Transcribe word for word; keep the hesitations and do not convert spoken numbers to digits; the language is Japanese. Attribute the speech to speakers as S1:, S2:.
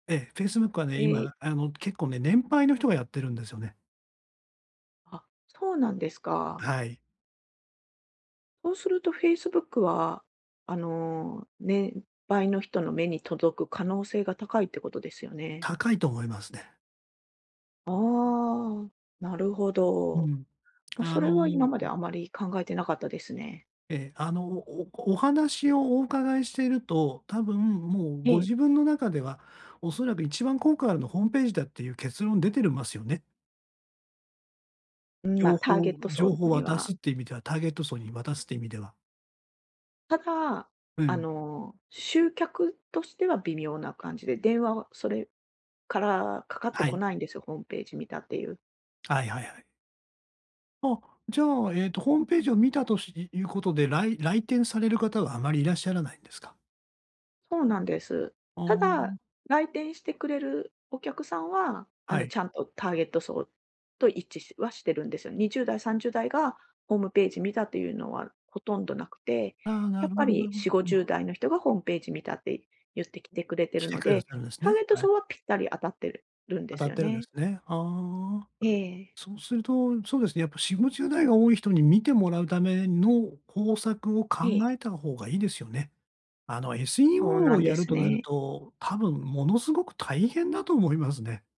S1: ええ、Facebook はね、
S2: え、い
S1: 今、あの、結構ね、年配の人がやってるんですよね。
S2: あ、そうなんですか。
S1: はい。
S2: そうすると Facebook は、あの、年配の人の目に届く可能性が高いってことですよね？
S1: 高いと思いますね。
S2: ああ、なるほ
S1: う
S2: ど。
S1: ん。
S2: ま、
S1: あ
S2: それは今まで
S1: の
S2: あまり考えてなかったですね。
S1: ええ、あの、おお話をお伺いしてると、多分、もう
S2: え
S1: ご
S2: え。
S1: 自分の中では、恐らく一番効果あるのホームページだってゆう、結論出てるますよね。
S2: うん、ま、
S1: 情
S2: ターゲ
S1: 報
S2: ット
S1: 情
S2: 層
S1: 報
S2: に
S1: 渡す
S2: は。
S1: って意味では、ターゲット層に渡すて意味では。
S2: ただ、
S1: う
S2: あ
S1: ん。
S2: の、集客としては微妙な感じで、電話はそれからかかって
S1: は
S2: こ
S1: い。
S2: ないんですよ、ホームページ見たってゆう。
S1: はいはいはい。あ、じゃあ、えっとホームページを見たとしいいうことで、らい来店される方はあまりいらっしゃらないんですか？
S2: そうなんです。
S1: ああ、
S2: た
S1: ん。
S2: だ、来店してくれるお客さんは、あ
S1: は
S2: の、
S1: い。
S2: ちゃんとターゲット層と一致しは、してるんですよ。にじゅうだい、さんじゅうだいがホームページ見たとゆうのはほとんどなくて、
S1: ああ、な
S2: やっ
S1: るほ
S2: ぱ
S1: どな
S2: り
S1: るほ
S2: しご
S1: ど、
S2: じゅう
S1: の。
S2: だいの人がホームページ見たってゆって来てくれて
S1: 来
S2: る
S1: て
S2: の
S1: くだ
S2: で、
S1: さるんす
S2: ター
S1: ね、
S2: ゲット
S1: はい。
S2: 層はぴったり当たってるん
S1: 当
S2: で
S1: た
S2: す
S1: っ
S2: よ
S1: てるんで
S2: ね。
S1: すね。ああ。
S2: ええ。
S1: そうすると、そうですね、やっぱしごじゅうだいが多い人に見てもらうための、方策を考
S2: ええ。
S1: えた方がいいですよね。あの、
S2: そう
S1: SEO
S2: な
S1: を
S2: ん
S1: や
S2: で
S1: る
S2: す
S1: となる
S2: ね。
S1: と、多分ものすごく大変だと思いますね。